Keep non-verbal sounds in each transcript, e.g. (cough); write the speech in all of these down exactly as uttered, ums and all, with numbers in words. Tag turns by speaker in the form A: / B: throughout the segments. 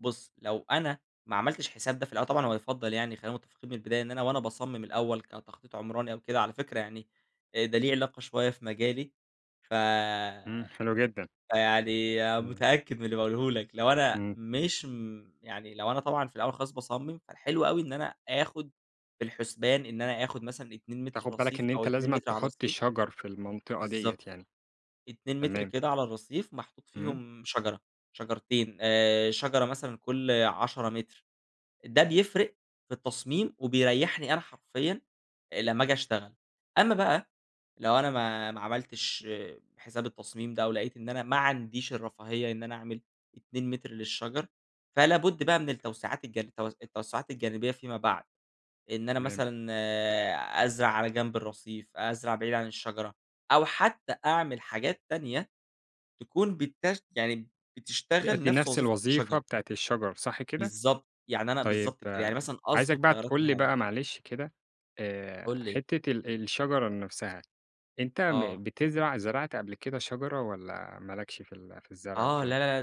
A: بُص لو أنا ما عملتش حساب ده في الأول طبعًا هو يُفضّل يعني خلّينا متفقين من البداية إن أنا وأنا باصمم الأول كتخطيط عمراني أو كده، على فكرة يعني آآ ده ليه علاقة شوية في مجالي ف
B: إمم حلو جدًا.
A: فيعني
B: إمم.
A: متأكد من اللي باقوله لك، لو أنا
B: إمم.
A: مش م يعني لو أنا طبعًا في الأول خالص باصمم فالحلو أوي إن أنا آخُد في الحُسبان إن أنا آخُد مثلًا اتنين متر
B: تاخد بالك
A: رصيف
B: إن
A: أو
B: أنت
A: أتنين
B: لازمًا
A: متر على
B: تحُط
A: الرّصيف.
B: شجر في المنطقة دِيّة
A: بالضبط
B: يعني.
A: أتنين متر
B: تمام.
A: كده على الرّصيف محطوط
B: إمم.
A: فيهم شجرة شجرتين آآ شجرة مثلًا كل عشرة متر ده بيفرِق في التصميم وبيريّحني أنا حرفيًا لما اجي اشتغل. أما بقى لو أنا ما ما عملتش حساب التصميم ده، أو لقيت إن أنا ما عنديش الرفاهية إن أنا أعمل اتنين متر للشجر فلا بُد بقى من التوسعات الج التو التوسعات الجانبية فيما بعد. إن أنا
B: تمام.
A: مثلًا أزرع على جنب الرصيف، أزرع بعيد عن الشجرة، أو حتى أعمل حاجات تانية تكون بتش يعني بتشتغل
B: تأدي
A: نفس
B: نفس
A: وظيفة
B: الوظيفة
A: الشجرة.
B: بتاعة الشجر صح كده؟
A: بالضبط، يعني أنا
B: طيب
A: بالضبط كده يعني مثلًا
B: عايزك
A: أضبط
B: بقى
A: تيارات
B: تقول لي
A: الهوا.
B: بقى معلش كده
A: قُل
B: آآ
A: لي.
B: حِتة ال الشجرة نفسها أنت م
A: آه.
B: بتزرع زرعت قبل كده شجرة والّا ما لكش في ال في الزرع
A: آه
B: وكده؟
A: لا لا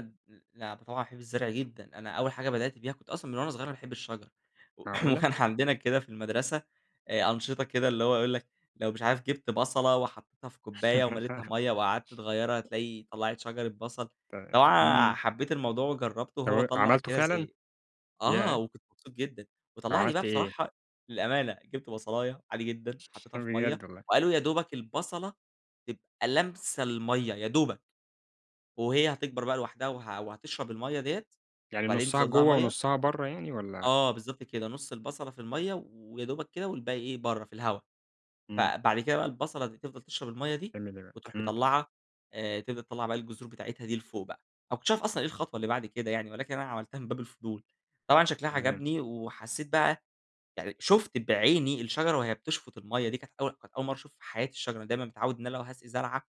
A: لا ده طبعًا باحب الزرع جدًا، أنا أول حاجة بدأت بيها كنت أصلًا من وأنا صغير وأنا باحب الشجر، و
B: معقولة!
A: وكان عندنا كده في المدرسة آآ أنشطة كده اللي هو يقول لك لو مش عارف جِبت بصلة وحطّيتها في كوباية ومليتها
B: (laughs)
A: ميّة، وقعدت تغيرها هتلاقي طلّعت شجرة بصل،
B: تمام،
A: اللي هو آآ
B: إمم.
A: حبيت الموضوع وجرّبته
B: طب
A: وهو
B: و
A: طلّع
B: عملته
A: كده
B: فعلًا؟
A: زي آه،
B: ياه!
A: وكنت مبسوط جدًا وطلّع لي بقى
B: عملت إيه؟
A: بصراحة للأمانة جِبت بصلاية عادي جدًا وحطّيتها في مَيّة
B: بجد والله
A: وقالوا يا دوبَك البصلة تبقى لَامسة المَيّة يا دوبَك، وهي هتكبر بقى لوحدها وه وهتشرب المَيّة دِيّة
B: يعني
A: وبعدين
B: نُصّها
A: تزوّد لها
B: جوا
A: مَيّة.
B: ونُصّها برا يعني والّا؟
A: آه بالضبط كده نُص البصلة في المَيّة، ويا دوبَك كده والباقي إيه برا في الهوا.
B: إمم.
A: فبعد كده بقى البصلة دي تفضل تشرب المَيّة دي
B: بتعمل إيه بقى؟
A: وتروح
B: امم.
A: مطلّعة آآ تبدأ تطلّع بقى الجذور بتاعتها دي لفوق بقى، أنا ما كنتش اعرف أصلًا إيه الخطوة اللي بعد كده يعني ولكن أنا عملتها من باب الفضول، طبعًا شكلها
B: تمام.
A: عجبني وحسّيت بقى يعني شُفت بعيني الشجرة وهي بتشفُط المَيّة دي كانت أول كانت أول مرّة اشوف في حياتي الشجرة دايمًا متعوّد إن أنا لو هاسقي زرعة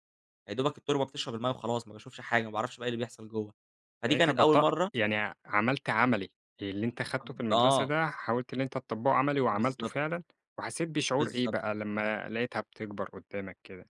A: يادوبَك التربة بتشرب المَيّة وخلاص، ما باشوفش حاجة ما باعرفش بقى إيه اللي بيحصل جوا فدي
B: يعني أنت
A: كانت أول
B: بط
A: مرة
B: يعني ع عملت عملي، اللي أنت خدته في المدرسة
A: آه.
B: ده حاولت إن أنت تطبّقه عملي وعملته
A: بالضبط.
B: فعلًا؟ وحسيت بشعور إيه
A: بالضبط.
B: بقى لما لقيتها بتكبر قدامك كده؟